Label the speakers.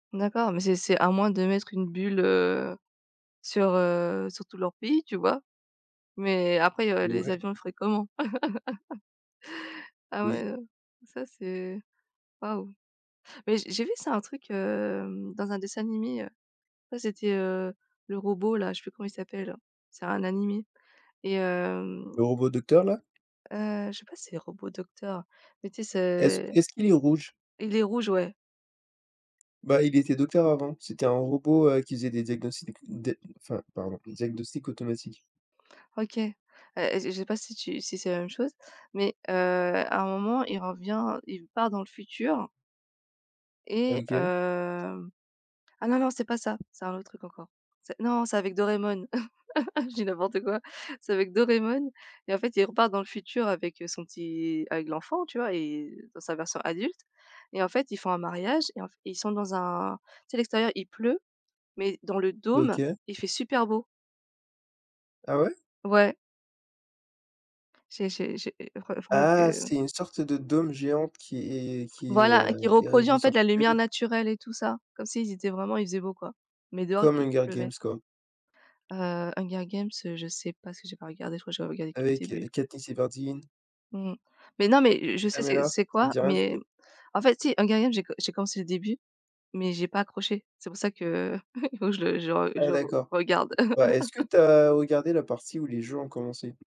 Speaker 1: D'accord, mais c'est c'est à moins de mettre une bulle, heu, sur, heu, sur tout leur pays, tu vois? Mais après, heu, les
Speaker 2: Ouais.
Speaker 1: avions ils feraient comment? Ah
Speaker 2: Oui.
Speaker 1: ouais, heu, ça c'est, waouh! Mais j'ai j'ai vu ça, un truc, hem, dans un dessin animé, heu. Ouais, c'était, heu, le robot-là, je sais plus comment il s'appelle. C'est un animé. Et hem
Speaker 2: Le robot docteur-là?
Speaker 1: heu, je sais pas si c'est robot docteur. Mais, tu sais,
Speaker 2: Est-ce
Speaker 1: c'est
Speaker 2: est-ce qu'il est rouge?
Speaker 1: il est rouge, ouais!
Speaker 2: Bah, il était docteur avant, c'était un robot, heu, qui faisait des diagnostics des enfin, pardon, diagnostics automatiques.
Speaker 1: OK. Heu et je je sais pas si tu si c'est la même chose mais heu, à un moment il revient, il part dans le futur
Speaker 2: Ah
Speaker 1: et
Speaker 2: OK.
Speaker 1: heu ah, non, non, c'est pas ça! C'est un autre truc encore. C'est non, c'est avec Doreamon, je dis n'importe quoi. C'est avec Doreamon et, en fait, il repart dans le futur avec, heu, son petit avec l'enfant, tu vois? Et heu, dans sa version adulte et en fait, ils font un mariage et en f et ils sont dans un tu sais, l'extérieur il pleut, mais dans le dôme
Speaker 2: OK.
Speaker 1: il fait super beau.
Speaker 2: Ah ouais?
Speaker 1: Ouais. J'ai j'ai j'ai re faudra
Speaker 2: Ah,
Speaker 1: que
Speaker 2: c'est une sorte de dôme géant qui est qui,
Speaker 1: Voilà!
Speaker 2: heu,
Speaker 1: Qui
Speaker 2: est
Speaker 1: reproduit,
Speaker 2: régie
Speaker 1: en fait,
Speaker 2: sur
Speaker 1: la
Speaker 2: toute la
Speaker 1: lumière
Speaker 2: ville?
Speaker 1: naturelle et tout ça, comme s'ils étaient vraiment il faisait beau quoi, mais dehors
Speaker 2: Comme
Speaker 1: i il
Speaker 2: Hunger
Speaker 1: pleuvait.
Speaker 2: Games quoi.
Speaker 1: Heu, Hunger Games, heu, je sais pas si j'ai pas regardé, je crois j'avais regardé que le
Speaker 2: Avec, heu,
Speaker 1: début.
Speaker 2: Katniss Everdeen.
Speaker 1: Mmh. Mais non mais je je
Speaker 2: Peeta
Speaker 1: sais c'est
Speaker 2: Mellark,
Speaker 1: c'est
Speaker 2: ça te
Speaker 1: quoi
Speaker 2: dit rien du
Speaker 1: mais
Speaker 2: tout?
Speaker 1: en fait, si, Hunger Games j'ai com j'ai commencé le début, mais j'ai pas accroché. C'est pour ça qu'il faut que je le je le re je
Speaker 2: Ah
Speaker 1: le re
Speaker 2: d'accord.
Speaker 1: regarde.
Speaker 2: Bah, est-ce que tu as regardé la partie où les jeux ont commencé?